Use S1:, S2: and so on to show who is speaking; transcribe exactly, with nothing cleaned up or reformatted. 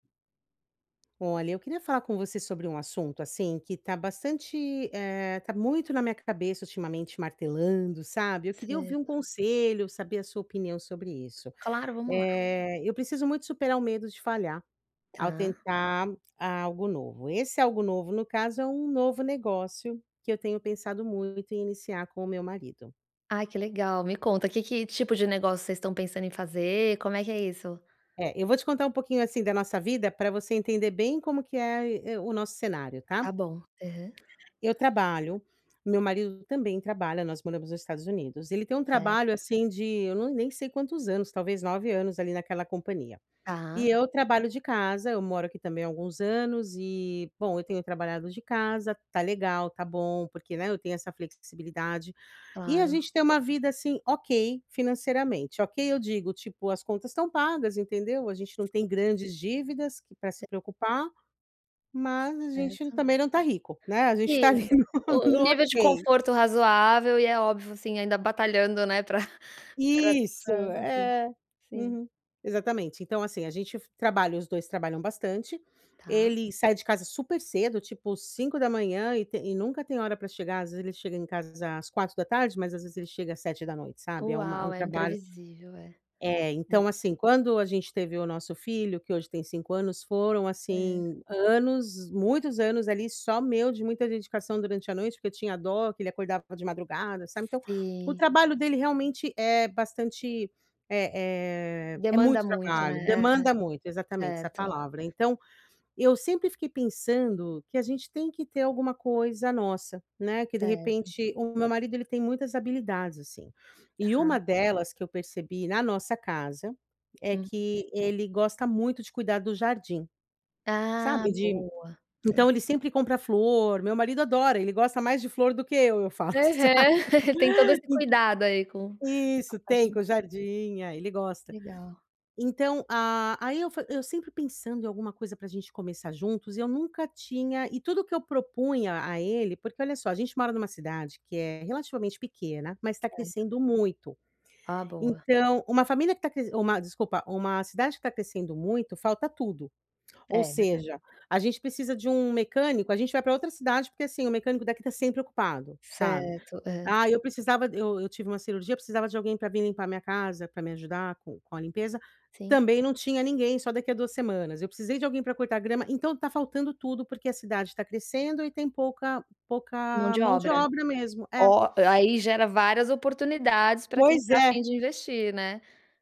S1: Olha, eu queria falar com você sobre um assunto, assim, que tá bastante, eh, tá muito na minha cabeça, ultimamente, martelando, sabe. Eu queria ouvir um
S2: Certo.
S1: conselho, saber a sua opinião sobre isso.
S2: Claro, vamos lá.
S1: Eh, eu preciso muito superar o medo de falhar, ao
S2: Tá.
S1: tentar algo novo. Esse algo novo, no caso, é um novo negócio que eu tenho pensado muito em iniciar com o meu marido.
S2: Ai, que legal. Me conta. Que que tipo de negócio vocês estão pensando em fazer; como é que é isso?
S1: É, eu vou te contar um pouquinho, assim, da nossa vida pra você entender bem como que é aí é o nosso cenário,
S2: Tá
S1: tá?
S2: bom. Aham.
S1: Eu trabalho, meu marido também trabalha, nós moramos nos Estados Unidos. Ele tem um trabalho,
S2: Certo.
S1: assim, de eu não nem sei quantos anos, talvez nove anos, ali, naquela companhia. E
S2: Tá.
S1: eu trabalho de casa, eu moro aqui também há alguns anos e bom eu tenho trabalhado de casa, tá legal, tá bom, porque, né, eu tenho essa flexibilidade. E a
S2: Claro.
S1: gente tem uma vida, assim, OK, financeiramente. OK, eu digo, tipo, as contas estão pagas, entendeu. A gente não
S2: Sim.
S1: tem grandes dívidas que pra
S2: Sim.
S1: se preocupar, mas a gente
S2: Certo.
S1: também não tá rico, né. A gente tá ali
S2: Sim.
S1: no
S2: O o
S1: no
S2: nível de
S1: OK.
S2: conforto razoável e é óbvio, assim, ainda batalhando, né, pra pra
S1: Isso.
S2: pra, enfim.
S1: É.
S2: Sim.
S1: Uhum, exatamente. Então, assim, a gente f trabalha os dois trabalham bastante.
S2: Tá.
S1: Ele sai de casa super cedo, tipo cinco da manhã e te e nunca tem hora pra chegar às vezes ele chega em casa às quatro da tarde mas, às vezes, ele chega às sete da noite, sabe. É uma é
S2: Uau.
S1: um
S2: É
S1: trabalho
S2: imprevisível, é.
S1: É,
S2: Sim.
S1: então, assim, quando a gente teve o nosso filho, que hoje tem cinco anos foram,
S2: Aham.
S1: assim, anos muitos anos, ali, só meu de muita dedicação durante a noite porque eu tinha dó, que ele acordava de madrugada, sabe, então o
S2: Sim.
S1: trabalho dele realmente é bastante é é é
S2: Demanda
S1: muito
S2: muito,
S1: trabalho,
S2: né. É, é.
S1: demanda muito exatamente, essa
S2: Certo.
S1: palavra. Então, eu sempre fiquei pensando que a gente tem que ter alguma coisa nossa, né, que, de
S2: Certo.
S1: repente o o meu marido, ele tem muitas habilidades, assim. E uma
S2: Tá.
S1: delas que eu percebi na nossa casa é
S2: Uhum.
S1: que ele gosta muito de cuidar do jardim.
S2: Ah,
S1: Sabe, de
S2: boa. Sei.
S1: então ele sempre compra flor; meu marido adora. Ele gosta mais de flor do que eu, eu falo, sabe.
S2: Aham. Tem todo esse cuidado, aí, com
S1: Ent
S2: a
S1: isso.
S2: parte
S1: Tem,
S2: de
S1: com o jardim, ah, ele gosta.
S2: Legal.
S1: Então a aí eu fa eu sempre pensando em alguma coisa pra gente começar juntos e eu nunca tinha e tudo que eu propunha a ele porque, olha só, a gente mora numa cidade que é relativamente pequena, mas tá
S2: Certo.
S1: crescendo muito,
S2: Ah, boa.
S1: Então, uma família que tá cres uma desculpa, uma cidade que tá crescendo muito, falta tudo. Ou
S2: É, verdade.
S1: seja, a gente precisa de um mecânico, a gente vai pra outra cidade porque, assim, o mecânico daqui tá sempre ocupado, sabe.
S2: Certo, é.
S1: Aí eu precisava eu eu tive uma cirurgia, precisava de alguém pra vim limpar minha casa pra me ajudar com com a limpeza,
S2: Sim.
S1: também não tinha ninguém; só daqui a duas semanas. Eu precisei de alguém pra cortar grama então, tá faltando tudo, porque a cidade tá crescendo e tem pouca
S2: Mão
S1: pouca
S2: de
S1: mão de
S2: obra.
S1: obra mesmo. É.
S2: Ó, eh, aí gera várias oportunidades pra quem
S1: Pois
S2: tá afim
S1: é.
S2: de investir, né.